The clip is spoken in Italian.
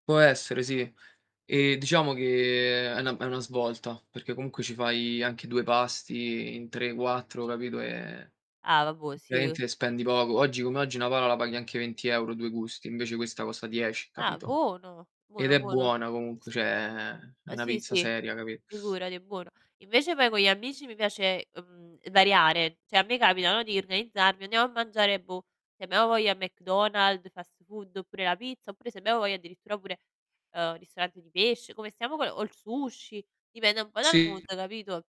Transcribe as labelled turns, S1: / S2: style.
S1: Può essere, sì. E diciamo che è una è una svolta, perché comunque ci fai anche 2 pasti in 3, 4 capito, e
S2: Ah, vabbuo', sì, uh
S1: praticamente spendi poco. Oggi come oggi una pala la paghi anche 20 € 2 gusti, invece questa costa 10
S2: Ah,
S1: capito?
S2: buono.
S1: Ed
S2: Buono,
S1: è
S2: buono.
S1: buona comunque, cioè è
S2: Uhm
S1: una
S2: sì,
S1: pizza
S2: sì
S1: seria capi
S2: figurati, buono. Invece poi con gli amici mi piace, uhm, variare, cioè a me capita no, di organizzarmi, andiamo a mangiare, boh, se abbiamo voglia McDonald's, fast food oppure la pizza oppure se abbiamo voglia addirittura pure, ehm, ristorante di pesc come stiamo con o il sushi, dipende un po' dal
S1: Sì.
S2: mood, capito?